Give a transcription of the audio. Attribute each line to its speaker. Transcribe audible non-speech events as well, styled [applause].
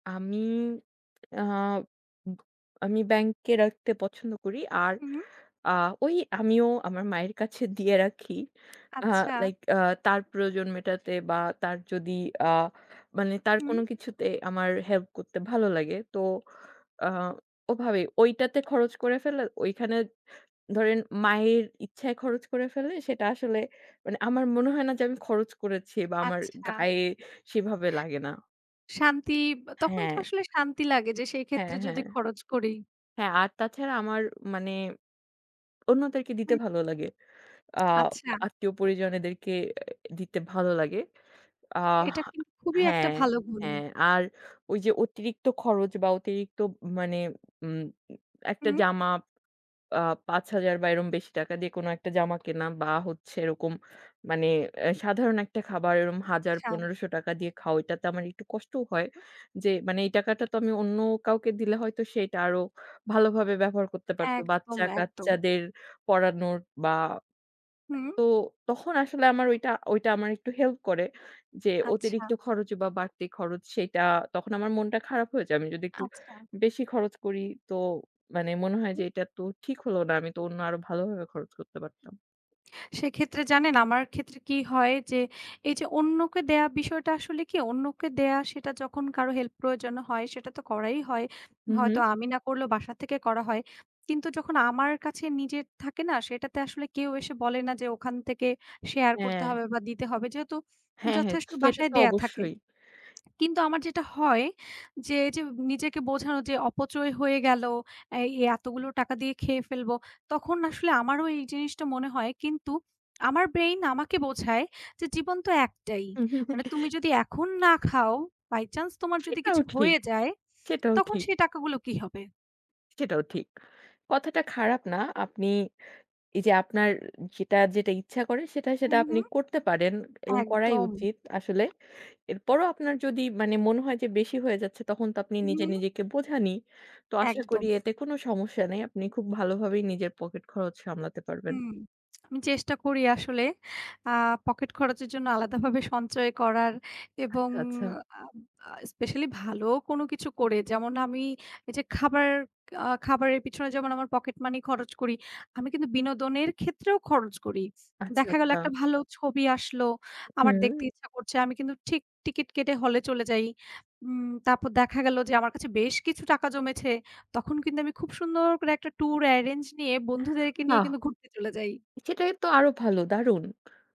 Speaker 1: আমি আ উব আমি ব্যাংকে রাখতে পছন্দ করি আর
Speaker 2: হুম।
Speaker 1: আ ঐ আমিও আমার মায়ের কাছে দিয়ে রাখি। আ
Speaker 2: আচ্ছা।
Speaker 1: like আ তার প্রয়োজন মেটাতে বা তার যদি আ মানে তার
Speaker 2: হুম।
Speaker 1: কোনো কিছুতে আমার help করতে ভালো লাগে। তো আ ওভাবে ঐটাতে খরচ করে ফেলে ঐখানে ধরেন মায়ের ইচ্ছায় খরচ করে ফেললে সেটা আসলে মানে আমার মনে হয় না যে আমি খরচ করেছি বা আমার
Speaker 2: আচ্ছা।
Speaker 1: গায়ে সেভাবে লাগে না।
Speaker 2: শান্তি, আব তখন তো
Speaker 1: হ্যাঁ।
Speaker 2: আসলে শান্তি লাগে যে সেই ক্ষেত্রে
Speaker 1: হ্যাঁ,
Speaker 2: যদি
Speaker 1: হ্যাঁ।
Speaker 2: খরচ করি।
Speaker 1: হ্যাঁ, আর তাছাড়া আমার মানে অন্যদেরকে দিতে
Speaker 2: হুম।
Speaker 1: ভালো লাগে। আ
Speaker 2: আচ্ছা।
Speaker 1: আত্মীয় পরিজনেদেরকে দিতে ভালো লাগে। আ
Speaker 2: এটা কিন্তু খুবই একটা
Speaker 1: হ্যাঁ,
Speaker 2: ভালো গুণ।
Speaker 1: হ্যাঁ, আর ঐ যে অতিরিক্ত খরচ বা অতিরিক্ত ম মানে উম একটা
Speaker 2: হুম।
Speaker 1: জামা আ ৫০০০ বা এরম বেশি টাকা দিয়ে কোনো একটা জামা কেনা বা হচ্ছে এরকম মানে এ সাধারণ একটা খাবার এরকম হাজার,
Speaker 2: আচ্ছা।
Speaker 1: ১৫০০ টাকা দিয়ে খাও ঐটাতে আমার একটু কষ্টও হয়, যে মানে এই টাকাটা তো আমি অন্য কাউকে দিলে হয়তো সে এইটা আরো ভালোভাবে ব্যবহার করতে পারতো,
Speaker 2: একদম, একদম।
Speaker 1: বাচ্চা-কাচ্চাদের পড়ানোর বা
Speaker 2: হুম।
Speaker 1: তো তখন আসলে আমার ঐটা, ঐটা আমার একটু help করে। যে
Speaker 2: আচ্ছা।
Speaker 1: অতিরিক্ত খরচ বা বাড়তি খরচ সেইটা তখন আমার মনটা খারাপ হয়ে যায় আমি যদি একটু
Speaker 2: আচ্ছা।
Speaker 1: বেশি খরচ করি, তো মানে মনে হয় যে
Speaker 2: হুম।
Speaker 1: এটা তো ঠিক হলো না, আমি তো অন্য আরো ভালোভাবে খরচ করতে পারতাম।
Speaker 2: সেক্ষেত্রে জানেন, আমার ক্ষেত্রে কি হয় যে, এই যে অন্যকে দেয়া বিষয়টা আসলে কি, অন্যকে দেওয়া সেটা যখন কারো help প্রয়োজন হয় সেটা তো করাই হয়।
Speaker 1: হুম,
Speaker 2: হয়তো
Speaker 1: হুম।
Speaker 2: আমি না করলেও বাসা থেকে করা হয়। কিন্তু যখন আমার কাছে নিজের থাকে না সেটাতে আসলে কেউ এসে বলে না যে ওখান থেকে শেয়ার করতে
Speaker 1: হ্যাঁ।
Speaker 2: হবে বা দিতে হবে, যেহেতু
Speaker 1: হ্যাঁ, হ্যাঁ।
Speaker 2: যথেষ্ট
Speaker 1: স সেটা
Speaker 2: বাসায়
Speaker 1: তো
Speaker 2: দেয়া থাকে।
Speaker 1: অবশ্যই।
Speaker 2: [smacks lips] কিন্তু আমার যেটা হয়, যে এইযে নিজেকে বোঝানো যে অপচয় হয়ে গেলো, এই এতগুলো টাকা দিয়ে খেয়ে ফেলবো, তখন আসলে আমারও এই জিনিসটা মনে হয় কিন্তু আমার brain আমাকে বোঝায়, যে জীবন তো একটাই, মানে তুমি
Speaker 1: [chuckles]
Speaker 2: যদি এখন না খাও, by chance তোমার যদি
Speaker 1: সেটাও
Speaker 2: কিছু
Speaker 1: ঠিক,
Speaker 2: হয়ে যায়,
Speaker 1: সেটাও
Speaker 2: তখন
Speaker 1: ঠিক।
Speaker 2: সেই টাকাগুলো কি হবে?
Speaker 1: সেটাও ঠিক। কথাটা খারাপ না, আপনি এই যে আপনার যেটা, যেটা ইচ্ছা করে সেটা, সেটা
Speaker 2: হুম,
Speaker 1: আপনি
Speaker 2: হুম।
Speaker 1: করতে পারেন এবং করাই
Speaker 2: একদম।
Speaker 1: উচিত আসলে। এরপরও আপনার যদি মানে মনে হয় যে বেশি হয়ে যাচ্ছে তখন তো আপনি
Speaker 2: হুম,
Speaker 1: নিজে
Speaker 2: হুম।
Speaker 1: নিজেকে বোঝানই, তো আশা
Speaker 2: একদম।
Speaker 1: করি এতে কোনো সমস্যা নাই, আপনি খুব ভালোভাবেই নিজের পকেট খরচ সামলাতে পারবেন।
Speaker 2: হুম। [smacks lips] আমি চেষ্টা করি আসলে আ পকেট খরচের জন্য আলাদাভাবে সঞ্চয় করার এবং
Speaker 1: আচ্ছা, আচ্ছা।
Speaker 2: আ আ especially ভালো কোনো কিছু করে, যেমন আমি এই যে খাবার আ খাবারের পিছনে যেমন আমার পকেট মানি খরচ করি, আমি কিন্তু বিনোদনের ক্ষেত্রেও খরচ করি।
Speaker 1: আচ্ছা,
Speaker 2: দেখা গেলো একটা
Speaker 1: আচ্ছা।
Speaker 2: ভালো ছবি আসলো, আমার দেখতে
Speaker 1: হুম।
Speaker 2: ইচ্ছা করছে, আমি কিন্তু ঠিক টিকিট কেটে হলে চলে যাই। উম তারপর দেখা গেলো যে আমার কাছে বেশ কিছু টাকা জমেছে, তখন কিন্তু আমি খুব সুন্দর করে একটা tour arrange নিয়ে বন্ধুদেরকে নিয়ে
Speaker 1: বাহ্‌!
Speaker 2: কিন্তু ঘুরতে চলে যাই।
Speaker 1: সেটাই তো আরো ভালো, দারুন!